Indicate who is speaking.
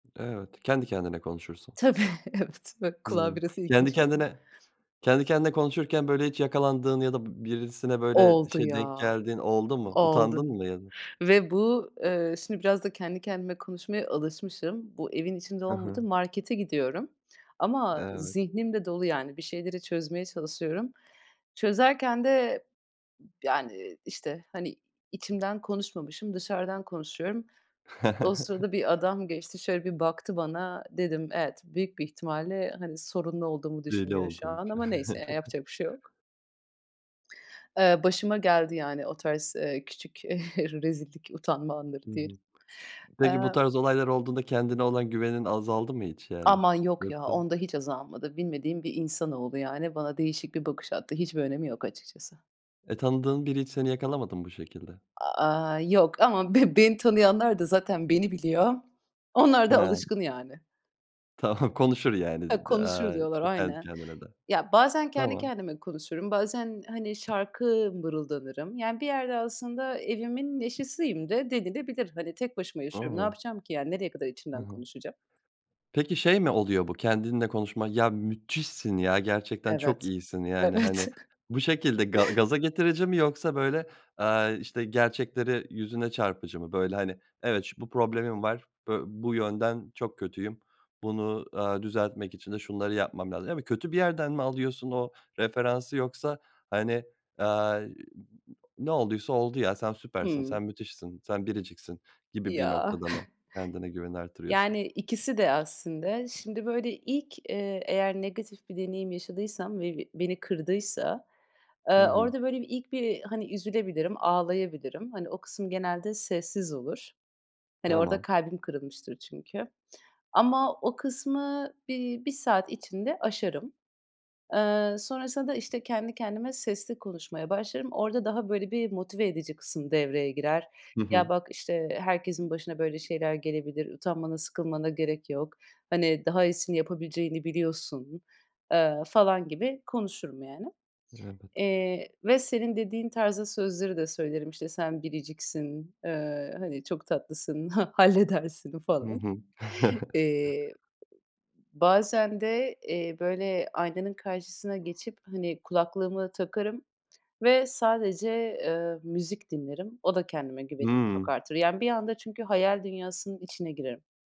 Speaker 1: Evet, kendi kendine konuşursun.
Speaker 2: Tabii, evet. Bak, kulağa
Speaker 1: Hımm,
Speaker 2: biraz
Speaker 1: kendi
Speaker 2: ilginç geliyor.
Speaker 1: kendine kendi kendine konuşurken, böyle, hiç yakalandığın ya da b birisine, böyle,
Speaker 2: Oldu
Speaker 1: şey, denk
Speaker 2: ya.
Speaker 1: geldiğin oldu mu?
Speaker 2: Oldu
Speaker 1: Utandın mı ya da?
Speaker 2: ve bu eee, şimdi, biraz da kendi kendime konuşmaya alışmışım. Bu evin içinde
Speaker 1: Hı
Speaker 2: olmadı.
Speaker 1: hı.
Speaker 2: Markete gidiyorum ama
Speaker 1: Evet.
Speaker 2: zihnim de dolu yani bir şeyleri çözmeye çalışıyorum. Çözerken de, yani, işte, hani, içimden konuşmamışım, dışarıdan konuşuyorum. O sırada bir adam geçti, şöyle bir baktı bana, dedim, evet, büyük bir ihtimalle, hani, sorunlu olduğumu
Speaker 1: Deli
Speaker 2: düşünüyor şu
Speaker 1: olduğunu
Speaker 2: an
Speaker 1: [unintelligible]
Speaker 2: ama neyse, ya, yapacak bir şey yok. Eee, başıma geldi yani o tarz, eee, küçük, eee, rezillik, utanma anları
Speaker 1: Hı
Speaker 2: diyelim.
Speaker 1: hı. Peki bu
Speaker 2: Aaa
Speaker 1: tarz olaylar olduğunda kendine olan güvenin azaldı mı hiç, yani?
Speaker 2: Aman yok ya,
Speaker 1: Yoksa
Speaker 2: onda hiç azalmadı. Bilmediğim bir insanoğlu, yani, bana değişik bir bakış attı. Hiçbir önemi yok açıkçası.
Speaker 1: E, tanıdığın biri hiç seni yakalamadı mı bu şekilde?
Speaker 2: Aaa, yok ama b beni tanıyanlar da zaten beni biliyor. Onlar da
Speaker 1: Ha.
Speaker 2: alışkın yani.
Speaker 1: Tamam, konuşur, yani
Speaker 2: Ya,
Speaker 1: dedi,
Speaker 2: "konuşur"
Speaker 1: aaa,
Speaker 2: diyorlar,
Speaker 1: işte, kendi
Speaker 2: aynen.
Speaker 1: kendine de.
Speaker 2: Ya, bazen kendi
Speaker 1: Tamam.
Speaker 2: kendime konuşurum, bazen, hani, şarkı mırıldanırım. Yani bir yerde aslında evimin neşesiyim de denilebilir. Hani, tek başıma yaşıyorum. Ne
Speaker 1: A!
Speaker 2: yapacağım ki, yani? Nereye kadar
Speaker 1: Hı
Speaker 2: içimden
Speaker 1: hı.
Speaker 2: konuşacağım?
Speaker 1: Peki şey mi oluyor bu kendinle konuşmak, "Ya, müthişsin ya, gerçekten çok
Speaker 2: Evet.
Speaker 1: iyisin." yani,
Speaker 2: Evet.
Speaker 1: hani, bu şekilde ga gaza getirici mi yoksa böyle, aaa, işte, gerçekleri yüzüne çarpıcı mı? Böyle, hani, "Evet, ş bu problemim var. Bö bu yönden çok kötüyüm. Bunu, aaa, düzeltmek için de şunları yapmam lazım." yani kötü bir yerden mi alıyorsun o referansı yoksa, hani, aaa, eee, u u u "Ne olduysa oldu ya, sen süpersin,
Speaker 2: Hımm.
Speaker 1: sen müthişsin, sen biriciksin." gibi bir
Speaker 2: Ya.
Speaker 1: noktada mı kendine güveni artırıyorsun?
Speaker 2: Yani, ikisi de aslında. Şimdi, böyle, ilk, eee, eğer negatif bir deneyim yaşadıysam ve b beni kırdıysa,
Speaker 1: Hı
Speaker 2: aaa,
Speaker 1: hı.
Speaker 2: orada, böyle, bir ilk bir, hani, üzülebilirim, ağlayabilirim. Hani, o kısım genelde sessiz olur. Hani, orada
Speaker 1: Tamam.
Speaker 2: kalbim kırılmıştır çünkü. Ama o kısmı bir 1 saat içinde aşarım. Eee, sonrasında da, işte, kendi kendime sesli konuşmaya başlarım. Orada daha böyle bir motive edici kısım devreye girer.
Speaker 1: Hı
Speaker 2: "Ya,
Speaker 1: hı.
Speaker 2: bak, işte, herkesin başına böyle şeyler gelebilir. Utanmana, sıkılmana gerek yok. Hani, daha iyisini yapabileceğini biliyorsun." eee, falan gibi konuşurum, yani.
Speaker 1: Evet.
Speaker 2: Eee, ve senin dediğin tarzda sözleri de söylerim. İşte, "Sen biriciksin, eee, hani, çok tatlısın, ha halledersin."
Speaker 1: Hı
Speaker 2: falan.
Speaker 1: hı.
Speaker 2: Eee, bazen de, eee, böyle aynanın karşısına geçip, hani, kulaklığımı takarım ve sadece, eee, müzik dinlerim. O da kendime güvenimi çok
Speaker 1: Hıı.
Speaker 2: artırır. Yani bir anda çünkü hayal dünyasının içine girerim.